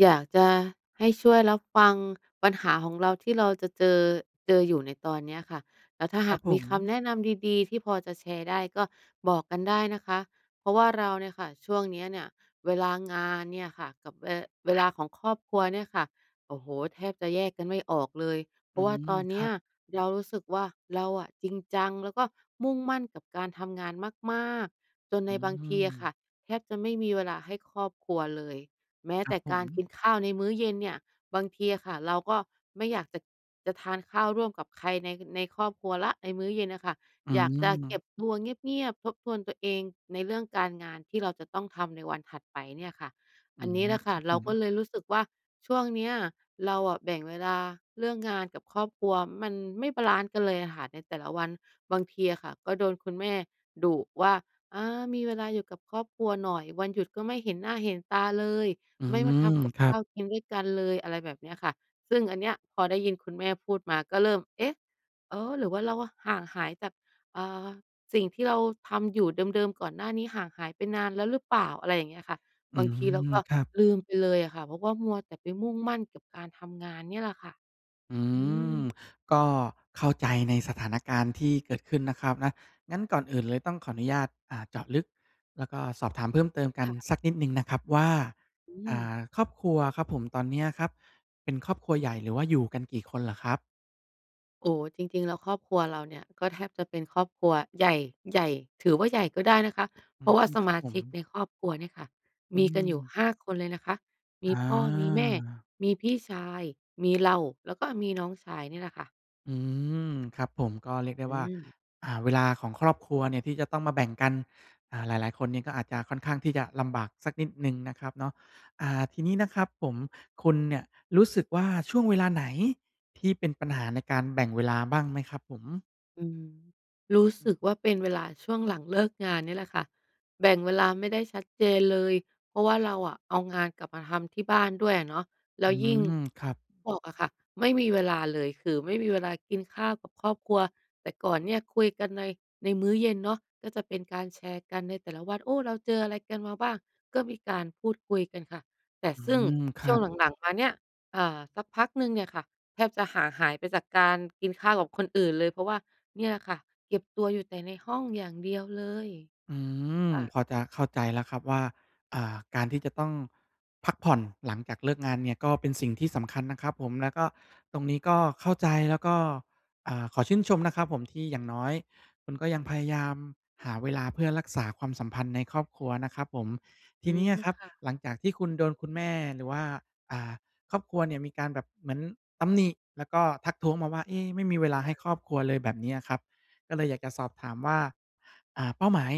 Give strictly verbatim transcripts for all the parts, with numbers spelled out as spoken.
อยากจะให้ช่วยรับฟังปัญหาของเราที่เราจะเจอ เจออยู่ในตอนเนี้ยค่ะ แล้วถ้าคหรัาบกผมีคม ำแนะนำดี ๆ ที่พอจะแชร์ได้ก็บอกกันได้นะคะ เพราะว่าเราเนี่ยค่ะ ช่วงนี้เนี่ยเวลางานเนี่ยค่ะ กับเว เวลาของครอบครัวเนี่ยค่ะ โอ้โฮ! แทบจะแยกกันไม่ออกเลย เพอรืาะว่าม ตอนเคนีร้ัยบ เรารู้สึกว่า เราอะจริงจังแล้วก็มุ่งมั่นกับการทำงานมาก ๆ จนอใืนบางทีอะม ค่ะ แทบจะไม่มีเวลาให้ครอบครัวเลย แม้ครแัตบ่ผการกม ินข้าวในมื้อเย็นเนี่ย บางทีอะค่ะ เราก็ไม่อยากจะ จะทานข้าวร่วมกับใครใน ในครอบครัวแล้ว ในมื้อเย็นน่ะค่ะ อือยากจะเก็ม บตัวเงียบ ๆ ทบทวนตัวเองในเรื่องการงานที่เราจะต้องทำในวันถัดไปเนี่ยค่ะ อือันนม ี้แหละคค่รัะ บเรผากม ็เลยรู้สึกว่าช่วงเนี้ยเราอะแบ่งเวลาเรื่องงานกับครอบครัวมันไม่บาลันซ์กันเลยอะค่ะ ในแต่ละวัน บางทีอะค่ะก็โดนคุณแม่ดุว่า "อา มีเวลาอยู่กับครอบครัวหน่อย วันหยุดก็ไม่เห็นหน้าเห็นตาเลย อืไม่มาทม ำกับครัขบ ้าวกินด้วยกันเลย" อะไรแบบนี้ค่ะ ซึ่งอันเนี้ยพอได้ยินคุณแม่พูดมาก็เริ่ม เอ๊ะ! เออ หรือว่าเราห่างหายจาก เอ่อ สิ่งที่เราทำอยู่เดิม ๆ ก่อนหน้านี้ห่างหายไปนานแล้วหรือเปล่า? อะไรอย่างเงี้ยค่ะ อืบางทีเราม ก็ครับ ลืมไปเลยอะค่ะ เพราะว่ามัวแต่ไปมุ่งมั่นกับการทำงานเนี่ยแหละค่ะ อือืม ม ก็เข้าใจในสถานการณ์ที่เกิดขึ้นนะครับนะ งั้นก่อนอื่นเลยต้องขออนุญาต อ่า เจาะลึก แล้วก็สอบถามเพิ่มเติมกัคน่ะ สักนิดหนึ่งนะครับว่า อือ่ม า ครอบครัวอะครับผม ตอนเนี้ยครับ เป็นครอบครัวใหญ่หรือว่าอยู่กันกี่คนเหรอครับ? โอ้ จริง ๆ แล้วครอบครัวเราเนี่ยก็แทบจะเป็นครอบครัวใหญ่ ใหญ่ ถือว่าใหญ่ก็ได้นะคะ อเืพราะว่าม สครมับาผชม ิกในครอบครัวเนี่ยค่ะอืมีกันอยู่ ม ห้า คนเลยนะคะ มีพ่อ มีแม่ อา มีพี่ชาย มีเรา แล้วก็มีน้องชายเนี่ยแหละค่ะ อืม ครับผม ก็เรียกได้อว่า ืม อ่า เวลาของครอบครัวเนี่ยที่จะต้องมาแบ่งกัน อ่า หลาย ๆ คนเนี่ยก็อาจจะ ค่อนข้างที่จะลำบากสักนิดหนึ่งนะครับเนาะ อ่า ทีนี้นะครับผม คุณเนี่ยรู้สึกว่า ช่วงเวลาไหนที่เป็นปัญหาในการแบ่งเวลาบ้างไหมครับผม? อืม รู้อืสึกม ว่าเป็นเวลาช่วงหลัง เลิก งานเนี่ยแหละค่ะ แบ่งเวลาไม่ได้ชัดเจนเลย เพราะว่าเราอะเอางานกลับมาทำที่บ้านด้วยอะเนาะ แลอ้ืวยิ่ง ม ครับ บอกอะค่ะ ไม่มีเวลาเลย คือไม่มีเวลากินข้าวกับครอบครัว แต่ก่อนเนี่ยคุยกันใน ในมื้อเย็นเนาะ ก็จะเป็นการแชร์กันในแต่ละวัน โอ้ เราเจออะไรกันมาบ้าง ก็มีการพูดคุยกันค่ะ แต่อืซึ่งม คชรั่วงบ หลัง ๆ มาเนี่ย เอ่อ สักพักหนึ่งเนี่ยค่ะ แทบจะห่างหายไปจากการกินข้าวกับคนอื่นเลย เพราะว่าเนี่ยล่ะค่ะ เก็บตัวอยู่แต่ในห้องอย่างเดียวเลย อืม ค่ะ พอจะเข้าใจแล้วครับว่า อ่า การที่จะต้องพักผ่อนหลังจากเลิกงานเนี่ยก็เป็นสิ่งที่สำคัญนะครับผม แล้วก็ ตรงนี้ก็เข้าใจ แล้วก็ อ่า ขอชื่นชมนะครับผม ที่อย่างน้อยคุณก็ยังพยายามหาเวลาเพื่อรักษาความสัมพันธ์ในครอบครัวนะครับผม ทอีืนี้ม อะครคับ่ะ หลังจากที่คุณโดนคุณแม่ หรือว่า อ่า ครอบครัวเนี่ย มีการแบบเหมือนตำหนิ แล้วก็ทักท้วงมาว่า เอ๊ะ ไม่มีเวลาคให่้ะ ครอบครัวเลย แบบนี้อะครับ ก็เลยอยากจะสอบถามว่า อ่า เป้าหมาย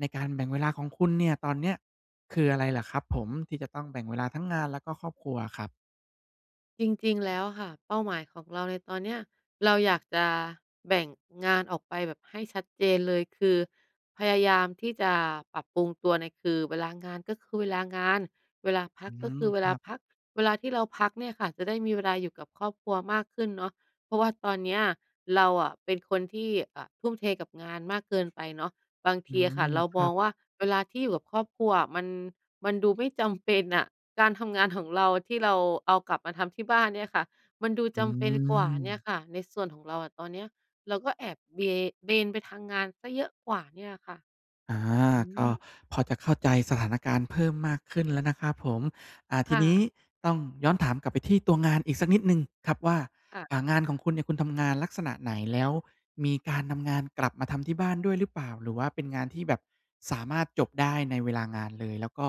ในการแบ่งเวลาของคุณเนี่ย ตอนเนี้ย คืออะไรเหรอครับผม ที่จะต้องแบ่งเวลาทั้งงานแล้วก็ครอบครัวอะครับ? จริง ๆ แล้วอะค่ะ เป้าหมายของเราในตอนเนี้ย เราอยากจะแบ่งงานออกไปแบบให้ชัดเจนเลย คือพยายามที่จะปรับปรุงตัวเนี่ย คือเวลางานก็คือเวลางาน เวลาพัอืกก็คม ือเวคลราับ พัก เวลาที่เราพักเนี่ยค่ะ จะได้มีเวลาอยู่กับครอบครัวมากขึ้นเนาะ เพราะว่าตอนเนี้ยเราอะป็นคนที่ อะ ทุ่มเทกับงานมากเกินไปเนาะ บางทอืีอะคม ่ะเราคมรัองบ ว่า เวลาที่อยู่กับครอบครัวอะ มัน มันดูไม่ จำเป็น อะ การทำงาน ของ เราอะที่เราเอากลับมาทำที่บ้านเนี่ยค่ะ มันดูอืจำเป็นกว่าเนี่ยม ค่ะ ในส่วนของเราอะ ตอนเนี้ย เราก็แอบเบ เบนไปทางงานเสียเยอะกว่าเนี่ยอะค่ะ อา อืก็ม พอจะเข้าใจสถานการณ์เพิ่มมากขึ้นแล้วนะครับผม อ่า ทคี่นี้ะ ต้องย้อนถามกลับไปที่ตัวงานอีกสักนิดหนึ่งครับว่า ค่ะ อ่า งานของคุณเนี่ย คุณทำงานลักษณะไหน? แล้วมีการนำงานกลับมาทำที่บ้านด้วยหรือเปล่า? หรือว่าเป็นงานที่แบบสามารถจบได้ในเวลางานเลย แล้วก็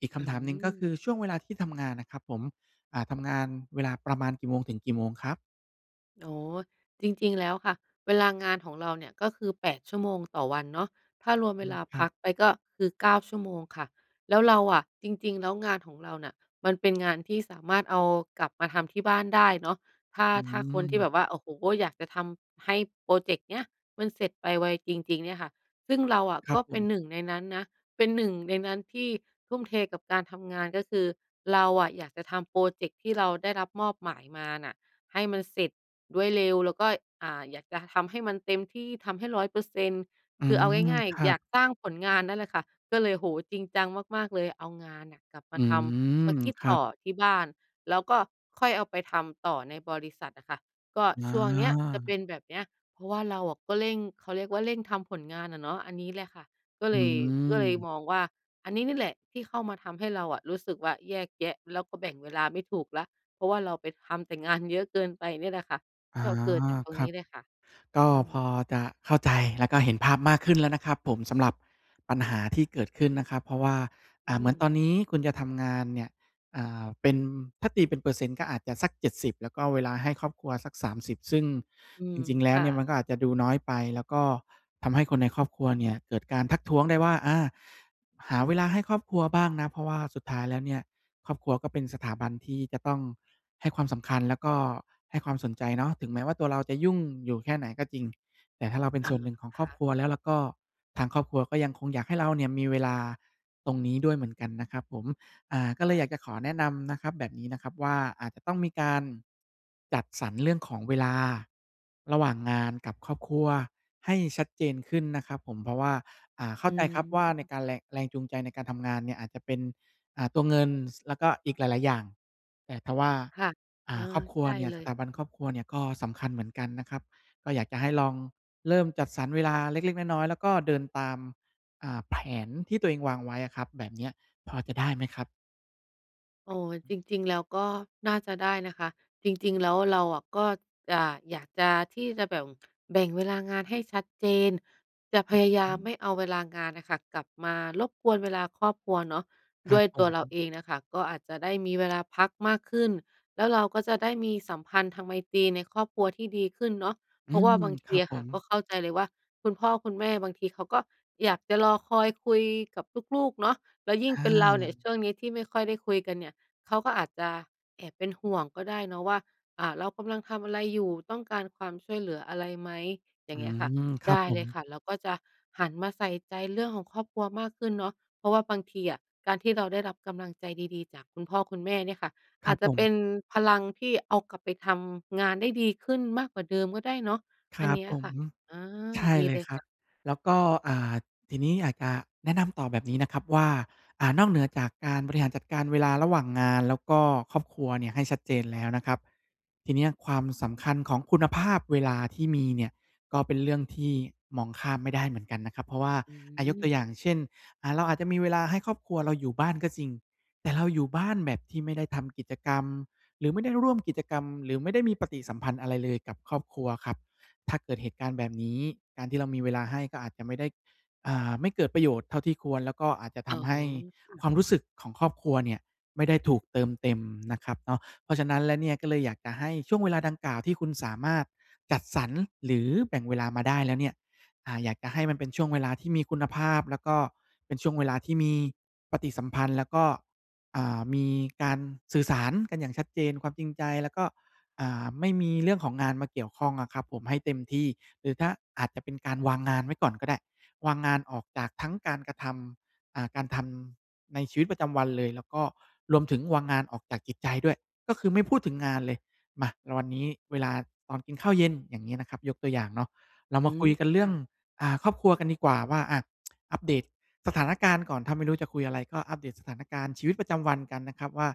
อีกคอืำถามหนึ่ง ก็คืม อ ช่วงเวลาที่ทำงานนะครับผม อ่า ทำงานเวลาประมาณกี่โมงถึงกี่โมงครับ? อ๋อ จริง ๆ แล้วค่ะ เวลางานของเราเนี่ยก็คือ แปด ชั่วโมงต่อวันเนาะ ถ้ารวมอเืวม ลาครพัับ กไปก็คือ เก้า ชั่วโมงค่ะ แล้วเราอะ จริง ๆ แล้วงานของเราน่ะมันเป็นงาน ที่สามารถเอากลับมาทำที่บ้านได้เนาะ ถ้า อืถ้าคนที่แม บบว่า โอ้โฮ อยากจะทำให้พรอเจกต์นี้มันเสร็จไปไวจริง ๆ เนี่ยค่ะ ซึ่งเราอะครกับ็ผเป็น ม หนึ่ง ในนั้นนะ เป็น หนึ่ง ในนั้นที่ทุ่มเทกับการทำงาน ก็คือเราอะอยากจะทำพรอเจกต์ที่เราได้รับมอบหมายมาน่ะให้มันเสร็จด้วยเร็ว แล้วก็ อ่า อยากจะทำให้มันเต็มที่ทำให้ ร้อยเปอร์เซ็นต์ อืคือเอาม ง่าย ครัๆ อยาบ กสร้างผลงานนั่นแหละค่ะ ก็เลย โอ้โฮ จริงจังมาก ๆ เลย เอางานน่ะกลับมอาืทำ มม าคิดครตั่บ อที่บ้าน แล้วก็ค่อยเอาไปทำต่อในบริษัทอะค่ะ ก็อช่วงเนี้ยจะเป็า นแบบเนี้ย เพราะว่าเราอะก็เร่ง เขาเรียกว่าเร่งทำผลงานอะเนาะ อันนี้แหละค่ะก็อเืลย ก็เลยม มองว่าอันนี้นี่แหละที่เข้ามาทำให้เราอะรู้สึกว่าแยกแยะแล้วก็แบ่งเวลาไม่ถูกแล้ว เพราะว่าเราไปทำแต่งานเยอะเกินไปเนี่ยแหละค่ะ อา ก็เกิดจากตรงครนัีบ ้เลยค่ะ กอื็พม อจะเข้าใจ แล้วก็เห็นภาพมากขึ้นแล้วนะครับผม สำหรับปัญหาที่เกิดขึ้นนะครับ เพราะว่า ออื่า เหมือนตอม นนี้คุณจะทำงานเนี่ย อ่า เป็น ถ้าตีเป็นเปอร์เซ็นต์ ก็อาจจะสัก เจ็ดสิบ แล้วก็เวลาให้ครอบครัวสัก สามสิบ ซึ่งอืจม ริง ๆ แลค้ว่เนี่ยมันะ ก็อาจจะดูน้อยไป แล้วก็ทำให้คนในครอบครัวเนี่ยเกิดการทักท้วงได้ว่า อา หาเวลาให้ครอบครัวบ้างนะ เพราะว่าสุดท้ายแล้วเนี่ยครอบครัวก็เป็นสถาบันที่จะต้องให้ความสำคัญ แล้วก็ให้ความสนใจเนาะ ถึงแม้ว่าตัวเราจะยุ่งอยู่แค่ไหนก็จริง แต่ถ้าเราเป็นอสา ่วนหนึ่งของคครอ่บคะ รัวแล้วล่ะก็ ทางครอบครัวก็ยังคงอยากให้เราเนี่ยมีเวลาตรงนี้ด้วยเหมือนกันนะครับผม อ่า ก็คเล่ยอยาะ กจะขอแนะนำนะครับ แบบนี้นะครับว่า อาจจะต้องมีการจัดสรรเรื่องของเวลาระหว่างงานกับครอบครัวให้ชัดเจนขึ้นนะครับผม เพราะว่า อ่า เข้อาืใจครับว่าในม การแรง แรงจูงใจในการทำงานเนี่ยอาจจะเป็น อ่า ตัวเงิน ส แล้วก็อีกหลาย ๆ อย่าง แต่ทว่า ค่ะ อเ่ออ า ครอบครัวใช่เนี่ย เลสถย าบันครอบครัวเนี่ยก็สำคัญเหมือนกันนะครับ ก็อยากจะให้ลองเริ่มจัดสรรเวลาเล็ก ๆ น้อย ๆ แล้วก็เดินตาม อ่า แผนที่ตัวเองวางไว้อะครับ แบบเนี้ยพอจะได้ไหมครับ? อ๋อ จริง ๆ แล้วก็น่าจะได้นะคะ จริง ๆ แล้วเราอะก็ อ่า อยากจะที่จะแบ่ม แบ่งเวลางานให้ชัดเจน จะพยายอือฮามไมึ ่เอาเวลางานน่ะค่ะกลับมารบกวนเวลาครอบครัวเนาะ คดรั้วบยผตัวเราม เองอะค่ะก็อาจจะได้มีเวลาพักมากขึ้น แล้วเราก็จะได้มีสัมพันธไมตรีในครอบครัวที่ดีขึ้นเนาะ อเพืราะว่าม บางทคีรับอะผค่ะก็ม เข้าใจเลยว่า คุณพ่อคุณแม่บางทีเขาก็อยากจะรอคอยคุยกับลูก ๆ เนาะ แล้วยิ่งอเป็นเราเนี่ยา ช่วงนี้ที่ไม่ค่อยได้คุยกันเนี่ย เขาก็อาจจะแอบเป็นห่วงก็ได้เนาะว่า อา เรากำลังทำอะไรอยู่? ต้องการความช่วยเหลืออะไรไหม? อยอ่ืางเงี้ยค่ะ ม ครไดับ้ผเลม ยค่ะ เราก็จะหันมาใส่ใจเรื่องของครอบครัวมากขึ้นเนาะ เพราะว่าบางทีอะการที่เราได้รับกำลังใจดี ๆ จากคุณพ่อคุณแม่เนี่ยค่ะ คอรัาบจจผะเป็ม นพลังที่เอากลับไปทำงานได้ดีขึ้นมากกว่าเดิมก็ได้เนาะ คอัรนันบี้ผอะคม ่ะ อา ใช่ดีเลเลยยครคับ ่ะ แล้วก็ อ่า ทีนี้อาจจะแนะนำต่อแบบนี้นะครับว่า อ่า นอกเหนือจากการบริคห่าะ รจัดการเวลาระหว่างงานแล้วก็ครอบครัวเนี่ย ให้ชัดเจนแล้วนะครับ ที่นี้อะความสำคัญของคุณภาพเวลาที่มีเนี่ย ก็เป็นเรื่องที่มองข้ามไม่ได้เหมือนกันนะครับ เพราะว่า ออะ ยกืตัม วอย่างเช่น อ่า เราอาจจะมีเวลาให้ครอบครัวเราอยู่บ้านก็จริง แต่เราอยู่บ้านแบบที่ไม่ได้ทำกิจกรรม หรือไม่ได้ร่วมกิจกรรม หรือไม่ได้มีปฏิสัมพันธ์อะไรเลยกับครอบครัวครับ ถ้าเกิดเหตุการณ์แบบนี้ การที่เรามีเวลาให้ก็อาจจะไม่ได้ อ่า ไม่เกิดประโยชน์เท่าที่ควร แล้วก็อาจจะทอ๋อ ำให้ค่ะ ความรู้สึกของครอบครัวเนี่ยไม่ได้ถูกเติมเต็มนะครับเนาะ เพราะฉะนั้นแล้วเนี่ย ก็เลยอยากจะให้ช่วงเวลาดังกล่าวที่คุณสามารถจัดสรรหรือแบ่งเวลามาได้แล้วเนี่ย อ่า อยากจะให้มันเป็นช่วงเวลาที่มีคุณภาพ แล้วก็เป็นช่วงเวลาที่มีปฏิสัมพันธ์ แล้วก็ อ่า มีการสื่อสารกันอย่างชัดเจน ความจริงใจ แล้วก็ อ่า ไม่มีเรื่องของงานมาเกี่ยวข้องอะครับผมให้เต็มที่ หรือถ้าอาจจะเป็นการวางงานไว้ก่อนก็ได้ วางงานออกจากทั้งการกระทำ อ่า การทำ ในชีวิตประจำวันเลย แล้วก็รวมถึงวางงานออกจากจิตใจด้วย ก็คือไม่พูดถึงงานเลย มา เรา วันนี้เวลาตอนกินข้าวเย็น อย่างงี้นะครับ ยกตัวอย่างเนาะ เราอมืาคม ุยกันเรคื่่อง ะ อ่า ครอบครัวกันดีกว่าว่า อะ อัปเดตสถานการณ์ก่อน ถ้าไม่รู้จะคุยอะไรก็อัปเดตสถานการณ์ชีวิตประจำวันกันนะครับว่า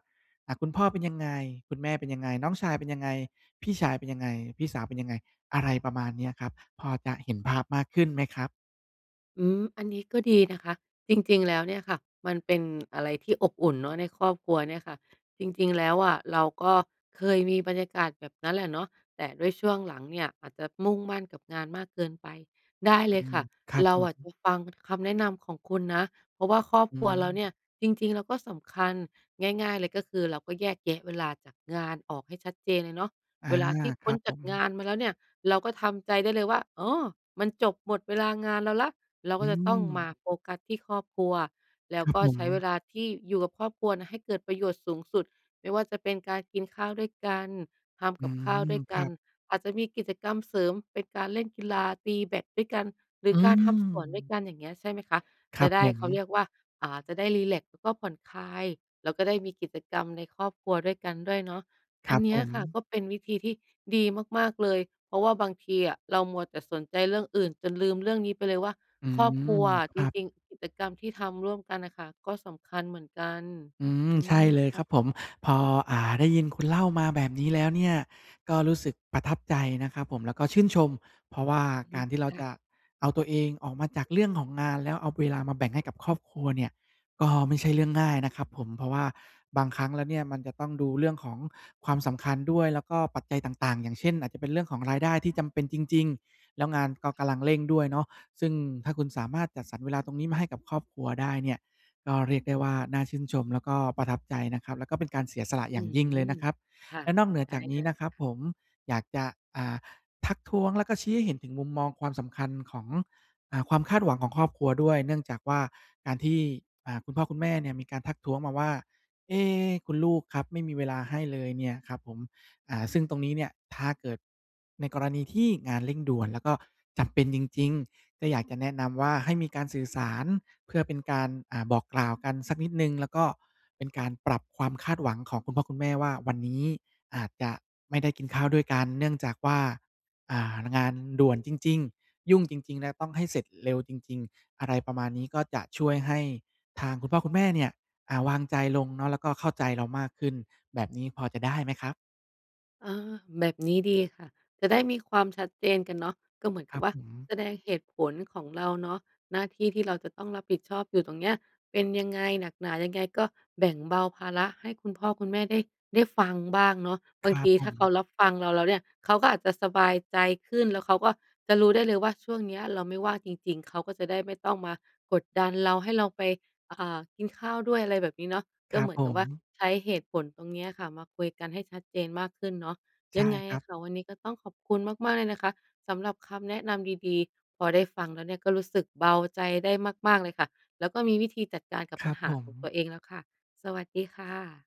อะ คุณพ่อเป็นยังไง? คุณแม่เป็นยังไง น้องชายเป็นยังไง? พี่ชายเป็นยังไง? พี่สาวเป็นยังไง? อะไรประมาณเนี้ยครับ พอจะเห็นภาพมากขึ้นไหมครับ? อืม อันนี้ก็ดีนะคะ จริง ๆ แล้วเนี่ยค่ะ มันเป็น อะไรที่อบอุ่นเนาะ ในครอบครัวเนี่ยค่ะ จริง ๆ แล้วอะเราก็เคยมีบรรยากาศแบบนั้นแหละเนาะ แต่ด้วยช่วงหลังเนี่ย อาจจะมุ่งมั่นกับงานมากเกินไป ได้อเืลยคม ่ะ ครับเรผาอะ จม ะฟังคำแนะนำของคุณนะ เพราะว่าครอบอืครัวเราเนม ี่ย จริง ๆ แล้วก็สำคัญ ง่าย ๆ เลยก็คือ เราก็แยกแยะเวลาจากงานออกให้ชัดเจนเลยเนาะ อา เวลาที่คพร้ันบจผากม งานมาแล้วเนี่ย เราก็ทำใจได้เลยว่า อ๋อ มันจบหมดเวลางานเราแล้ว เราอกื็จะต้องมาม โฟกัสที่ครอบครัว แล้ควรับก็ผใช้เวม ลาที่อยู่กับครอบครัวน่ะให้เกิดประโยชน์สูงสุด ไม่ว่าจะเป็นการกินข้าวด้วยกัน ทอำืกับข้าวด้ม วยคกัรัน บ อาจจะมีกิจกรรมเสริมเป็นการเล่นกีฬา ตีแบตด้วยกัน หรือือการทำสวนด้วยม กัน อย่างเงี้ยใช่ไหมคะ คจระับไดผ้ เขาม เรียกว่า อ่า จะได้รีแล็กซ์ แล้วก็ผ่อนคลาย แล้วก็ได้มีกิจกรรมในครอบครัวด้วยกันด้วยเนาะ คอรัันบเนผี้ยค่ะม ก็เป็นวิธีที่ดีมาก ๆ เลย เพราะว่าบางทีอะเรามัวแต่สนใจเรื่องอื่นจนลืมเรื่องนี้ไปเลยว่า อืครอบม ครัว คจรับ ริง ๆ กิจกรรมที่ทำร่วมกันน่ะค่ะ ก็สำคัญเหมือนกัน อือม ืใช่ม เลยคค่รัะ บผม พอ อ่า ได้ยินคุณเล่ามาแบบนี้แล้วเนี่ย ก็รู้สึกประทับใจนะครับผม แล้วก็ชื่นชม เพราะว่าอือฮกึ ารที่เราค่จะ ะเอาตัวเองออกมาจากเรื่องของงาน แล้วเอาเวลามาแบ่งให้กับครอบครัวเนี่ย ก็ไม่ใช่เรื่องง่ายนะครับผม เพราะว่าบางครั้งแล้วเนี่ยมันจะต้องดูเรื่องของความสำคัญด้วย แล้วก็ปัจจัยต่าง ๆ อย่างเช่น อาจจะเป็นเรื่องของรายได้ที่จำเป็นจริง ๆ แล้วงานก็กำลังเร่งด้วยเนาะ ซึ่งถ้าคุณสามารถจัดสรรเวลาตรงนี้มาให้กับครอบครัวได้เนี่ย ก็เรียกได้ว่าน่าชื่นชม แล้วก็ประทับใจนะครับ แล้วก็เป็นการเสียสละอือย่างยิ่งเลยนม ะครับ ค่ะ และนอกเหนือได้จากนเีล้ยนะคครับ่ะ ผม อยากจะ อ่า ทักท้วงแล้วก็ชี้ให้เห็นถึงมุมมองความสำคัญของ อ่า ความคาดหวังของครอบครัวด้วย เนื่องจากว่า การที่ อ่า คุณพ่อคุณแม่เนี่ยมีการทักท้วงมาว่า เอ๊ะ คุณลูกครับไม่มีเวลาให้เลยเนี่ยครับผม อ่า ซึ่งตรงนี้เนี่ยถ้าเกิดในกรณีที่งานเร่งด่วน แล้วก็จำเป็นจริง ๆ ก็อยากจะแนะนำว่า ให้มีการสื่อสารเพื่อเป็นการ อ่า บอกกล่าวกันสักนิดหนึ่ง แล้วก็เป็นการปรับความคาดหวังของคุณพ่อคุณแม่ว่า วันนี้อาจจะไม่ได้กินข้าวด้วยกัน เนื่องจากว่า อ่า ล งานด่วนจริง ๆ ยุ่งจริง ๆ แล้วต้องให้เสร็จเร็วจริง ๆ อะไรประมาณนี้ ก็จะช่วยให้ทางคุณพ่อคุณแม่เนี่ย อ่า วางใจลงเนาะ แล้วก็เข้าใจเรามากขึ้น แบบนี้พอจะได้ไหมครับ? อา แบบนี้ดีค่ะ จะได้มีความชัดเจนกันเนาะ ก็เหมือนคกัรับบว่า ผม แสดงเหตุผลของเราเนาะ หน้าที่ที่เราจะต้องรับผิดชอบอยู่ตรงเนี้ยเป็นยังไง หนักหนายังไง ก็แบ่งเบาภาระให้คุณพ่อคุณแม่ ได้ ได้ฟังบ้างเนาะ บคารงัทบีผถ้าเขม ารับฟังเราแล้วเนี่ย เขาก็อาจจะสบายใจขึ้น แล้วเขาก็จะรู้ได้เลยว่า ช่วงเนี้ยเราไม่ว่างจริง ๆ เขาก็จะได้ไม่ต้องมากดดันเรา ให้เราไป อ่า กินข้าวด้วย อะไรแบบนี้เนาะ คก็รัเหบมือผนกับว่าม ใช้เหตุผลตรงนี้ค่ะมาคุยกันให้ชัดเจนมากขึ้นเนาะ ใชย่ังไงครอัะบ ค่ะ วันนี้ก็ต้องขอบคุณมาก ๆ เลยนะคะสำหรับคำแนะนำดี ๆ พอได้ฟังแล้วเนี่ยก็รู้สึกเบาใจได้มาก ๆ เลยค่ะ แล้วก็มีวิธีจัดการกับครปััญบหผาของม ตัวเองแล้วค่ะ สวัสดีค่ะ